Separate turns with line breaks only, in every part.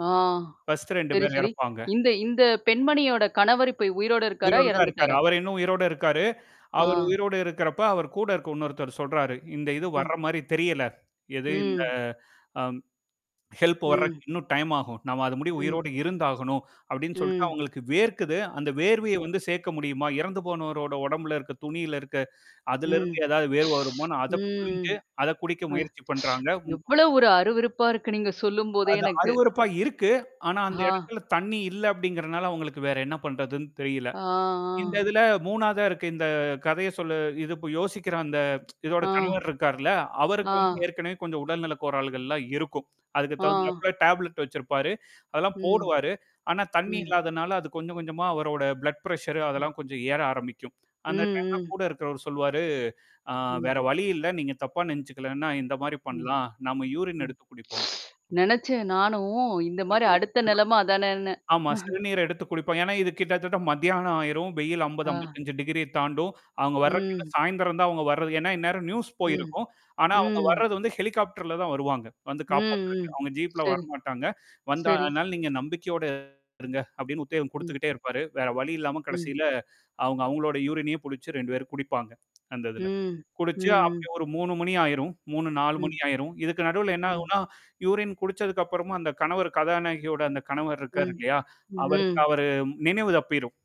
ஆ.
First 2
சரி,
பேர்
சரி.
இறப்பாங்க.
இந்த, இந்த பெண்மணியோட கணவர் இப்ப உயிரோட இருக்காரா?
உயிரோடதான் இருக்காரு.
இறந்துட்டாரா?
அவரு இன்னும் உயிரோட இருக்காரு. அவரு
ஆ.
உயிரோடு இருக்கிறப்ப அவர்கூட இருக்கிற இன்னொருத்தரு சொல்றாரு, "இந்த இது
ம்.
வர்ற மாதிரி தெரியல." எது இந்த,
ம்.
அம் ஹெல்ப் வரக்கு
ம்.
இன்னும் டைம் ஆகும். நாம அது முடிய
ம்.
உயிரோட இருந்தாகணும். அப்பிடின்னு சொல்லிட்டு
ம்.
அவுங்களுக்கு வேர்க்குது. அந்த வேர்வைய
ம்.
வந்து சேர்க்க முடியுமா? இறந்து போனவரோட உடம்புல இருக்கு துணியில இருக்கு. அதுல
ம்,
இருந்து ஏதாவது வேர்வை வருமான்னு அத
ம், ம்.
புழிஞ்சு அதக் குடிக்க முயற்சி
[unintelligible]
பண்றாங்க, உம்
எவ்ளோ ஒரு அருவருப்பா இருக்கு நீங்கச் சொல்லும்போதே
அது
எனக்கு.
அருவருப்பா இருக்கு. ஆனா, அந்த
ஆ.
இடத்துல தண்ணீ இல்ல அப்பிடிங்கறனால அவுங்களுக்கு வேற என்ன பண்றதுன்னு தெரியல.
ஆ,
இந்த
ஆ.
இதுல 3 வதா இருக்க இந்தக் கதைய சொல்ல இது யோசிக்கிற அந்த இதோட
ஆ.
கணவர் இருக்கார்ல.
ஆ.
அவருக்கு வந்து ஏற்கனவே கொஞ்சம் உடல்நலக் கோளாறுகள் எல்லாம் இருக்கும். அதுக்குத்
ஆ.
தகுந்தாப்ல டேப்லெட் வச்சிருப்பாரு. அதெல்லாம்
ம்.
போடுவாரு. ஆனா, தண்ணீ
ம்.
இல்லாதனால அது கொஞ்சம், கொஞ்சமா அவரோட ப்ளட் பிரச்சர்
ம்.
அதெல்லாம் கொஞ்சம் ஏற ஆரம்பிக்கும்.
ம்,
அந்த டைம்லாம்
ம்.
கூட இருக்கிறவலு சொல்லுவாரு, ஆ வேற
ம்்.
வழி இல்ல. நீங்கத் தப்பா நினைச்சுக்கலேன்னா இந்தமாரி
ம்.
பண்ணலாம். நாம யூரின்
ம்.
எடுத்துக் குடிப்போம்
நினைச்சேன் நானும் இந்த மாதிரி அடுத்த நிலைம
[unintelligible]
அதானேன்னு
ஆமா. சிறுநீர எடுத்துக் குடிப்போம். இது கிட்டத்தட்ட மத்தியானம் ஆயிரும். வெயில் அம்பது,
ஆ.
அம்பத்தஞ்சு டிகிரிய தாண்டும். அவுங்க வர்றக்கு இன்னும்
ம்.
சாய்ந்தரம் தான் அவுங்க வர்றது. ஏன்னா இந்நேரம் நியூஸ்
ம்,
போயிருக்கும். ஆனா, அவுங்க
ம்.
வர்றது ஹெலிகாப்டர்ல தான் வருவாங்க. வந்து
ம், ம்.
காப்பாத்துறதுக்கு. அவுங்க ஜீப்ல
சரி,
வரமாட்டாங்க. வந்தா
சரி.
அதுனால நீங்க நம்பிக்கையோட இருங்க. அப்பிடின்னு உத்தேவம்
ம்.
குடுத்துக்கிட்டே இருப்பாரு. வேற வழி இல்லாம
ம்.
கடைசில அவுங்க அவுங்களோட யூரினையே புடிச்சு 2 பேரும் குடிப்பாங்க அந்த இதுல.
ம்,
குடிச்சு
ம்ஹ்ம்.
அப்பிடியே ஒரு 3:00 மணி ஆயிரும். 3:00, 4:00 மணி
ம்.
ஆயிரும். இதுக்கு நடுவுல என்ன
ம்.
ஆகும்னா யூரின் குடிச்சதுக்கு அப்புறம் அந்தக் கணவர் கதாநாயகியோட அந்தக் கணவர் இருக்காரு
ம்,
இல்லயா! அவருக்கு
ம்ஹ்ம்.
அவரு நினைவு தப்பிரும்.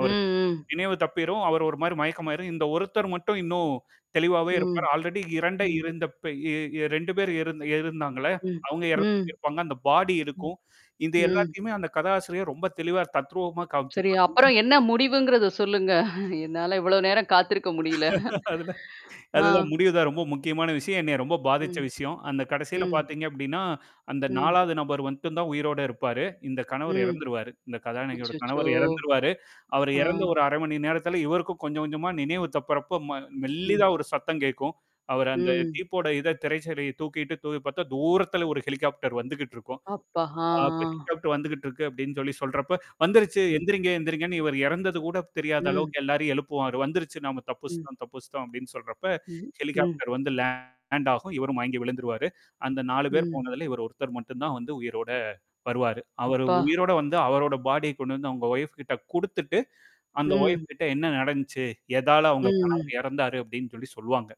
ம், ம்.
நினைவு தப்பிரும். அவர் ஒருமாரி மயக்கமாயிரும். இந்த ஒருத்தர் மட்டும் இன்னும் தெளிவாவே
ம்.
இருப்பார். ஆல்ரெடி 2 ஐ
ம்.
இருந்தப்ப எ 2 பேர் இருந் இருந்தாங்கள்ல.
ம்,
அவுங்க இறந்து
ம்.
இருப்பாங்க. அந்த பாடி
ம்,
இருக்கும். இந்த
ம்.
எல்லாத்தையுமே அந்தக் கதாசிரியர் ரொம்ப தெளிவா தத்ரூபமா காமிச்சு
சரி.
[unintelligible]
அப்புறம் என்ன முடிவுங்கிறத சொல்லுங்க என்னால இவ்வளவு நேரம் காத்திருக்க முடியல
அதுல,
ஆ.
அதுதான் முடிவு தான். ரொம்ப முக்கியமான விஷயம். என்னைய ரொம்ப பாதிச்ச
ம்.
விஷயம். அந்தக் கடைசியில
ம்.
பார்த்தீங்க அப்பிடின்னா அந்த
ம்.
4 வது நபர் வந்ட்டு தான் உயிரோட இருப்பாரு. இந்தக் கணவர்
ம்.
இறந்துருவாரு. இந்தக் கதாநாயகியோட
அச்சச்சோ.
கணவர் இறந்துருவாரு. அவர்
ஆ.
இறந்த ஒரு 1/2 நேரத்துல இவருக்கும் கொஞ்சம், கொஞ்சமா நினைவு தப்பிறப்ப ம
ம்.
மெல்லிதா ஒரு சத்தம் கேட்கும். அவரு அந்த
ம்.
டீப்போட இதைத் திரைச்சேலைய தூக்கிட்டு தூவிப் பார்த்த தூரத்தில ஒரு ஹெலிகாப்டர் வந்துக்கிட்டு இருக்கும்.
அப்பா! ஆ,
[unintelligible]
ஆ.
ஹெலிகாப்டர் வந்துகிட்டு இருக்கு அப்பிடின்னு சொல்லிச் சொல்றப்ப, வந்துருச்சு.
ம்,
எந்திரிங்க. எந்திரிங்கன்னு. இவரு இறந்தது கூடத் தெரியாத
ம்,
அளவுக்கு எல்லாரையும் எழுப்புவாரு. வந்துருச்சு. நாம
ம்,
தப்பிச்சிட்டோம். தப்பிச்சிட்டோம் அப்பிடின்னு சொல்றப்ப,
ம், ம்.
ஹெலிகாப்டர் வந்து லேண்ட் ஆகும். இவரும் மயங்கி விழுந்துருவாரு. அந்த 4 பேர்
ம்.
போனதுல இவரு ஒருத்தர் மட்டும் தான் வந்து உயிரோட வருவாரு. அவரு
அப்பா!
உயிரோட வந்து அவரோட பாடிய கொண்டு வந்து உங்க ஒய்ப்க்கிட்ட குடுத்துட்டு அந்த
ம்.
ஒய்ப்க்கிட்ட என்ன நடந்துச்சு, எதால அவுங்க
ம், ம்.
கணவர் இறந்தார் அப்பிடின்னு சொல்லிச் சொல்லுவாங்க.